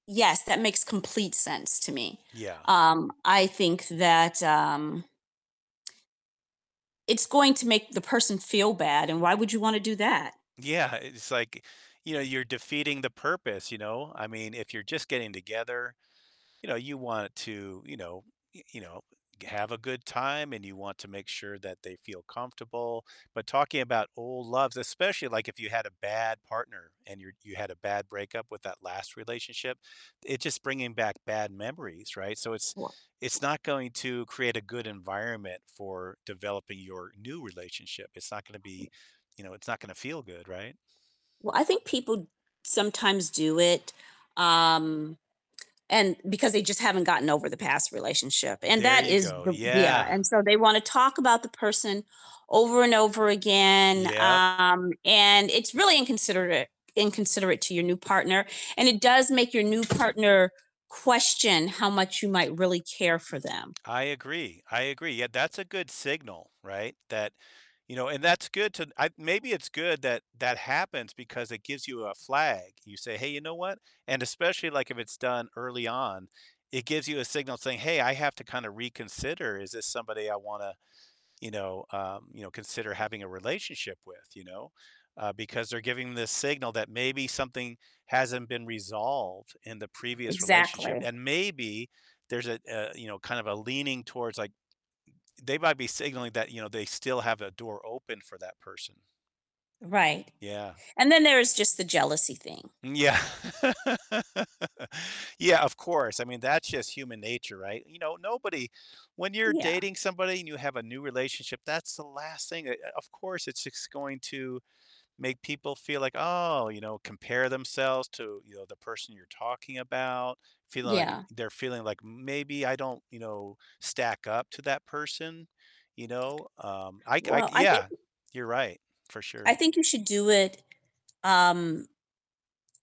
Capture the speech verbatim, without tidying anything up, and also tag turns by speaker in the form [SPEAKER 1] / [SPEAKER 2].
[SPEAKER 1] Yes, that makes complete sense to me.
[SPEAKER 2] Yeah.
[SPEAKER 1] Um, I think that, um it's going to make the person feel bad, and why would you wanna do that?
[SPEAKER 2] Yeah, it's like, you know, you're defeating the purpose, you know? I mean, if you're just getting together, you know, you want to, you know y you know, have a good time, and you want to make sure that they feel comfortable, but talking about old loves especially, like, if you had a bad partner and you're you had a bad breakup with that last relationship, it's just bringing back bad memories, right? So it's it's
[SPEAKER 1] [unintelligible]
[SPEAKER 2] not going to create a good environment for developing your new relationship. It's not gonna be you know, it's not gonna feel good, right?
[SPEAKER 1] Well, I think people sometimes do it, um, and because they just haven't gotten over the past relationship, and
[SPEAKER 2] There
[SPEAKER 1] that
[SPEAKER 2] you
[SPEAKER 1] is
[SPEAKER 2] go,
[SPEAKER 1] the yeah,
[SPEAKER 2] yeah.
[SPEAKER 1] and so they wanna talk about the person over and over again,
[SPEAKER 2] Yep.
[SPEAKER 1] um, and it's really inconsiderare inconsiderate to your new partner, and it does make your new partner question how much you might really care for them.
[SPEAKER 2] I agree, I agree, yeah, that's a good signal, right? That you know, and that's good to I maybe it's good that that happens because it gives you a flag. You say, "Hey, you know what?" And especially, like, if it's done early on, it gives you a signal saying, "Hey, I have to kinda reconsider, is this somebody I wanna, you know, um, you know, consider having a relationship with, you know?" Uh, because they're giving this signal that maybe something hasn't been resolved in the previous relationship,
[SPEAKER 1] Exactly.
[SPEAKER 2] and maybe there's a a, you know, kind of a leaning towards, like they might be signaling that, you know, they still have a door open for that person.
[SPEAKER 1] Right,
[SPEAKER 2] Yeah.
[SPEAKER 1] and then there is just the jealousy thing.
[SPEAKER 2] Yeah. Yeah, of course, I mean, that's just human nature, right? You know, nobody when you're
[SPEAKER 1] Yeah.
[SPEAKER 2] dating somebody and you have a new relationship, that's the last thing o of course, it's just going to make people feel like, "Oh" you know, compare themselves to, you know, the person you're talking about, feeling like
[SPEAKER 1] Yeah.
[SPEAKER 2] they're feeling like maybe I don't, you know, stack up to that person, you know? Um, I c I
[SPEAKER 1] Well,
[SPEAKER 2] c
[SPEAKER 1] I think
[SPEAKER 2] yeah, you're right. For
[SPEAKER 1] I
[SPEAKER 2] sure.
[SPEAKER 1] think you should do it, um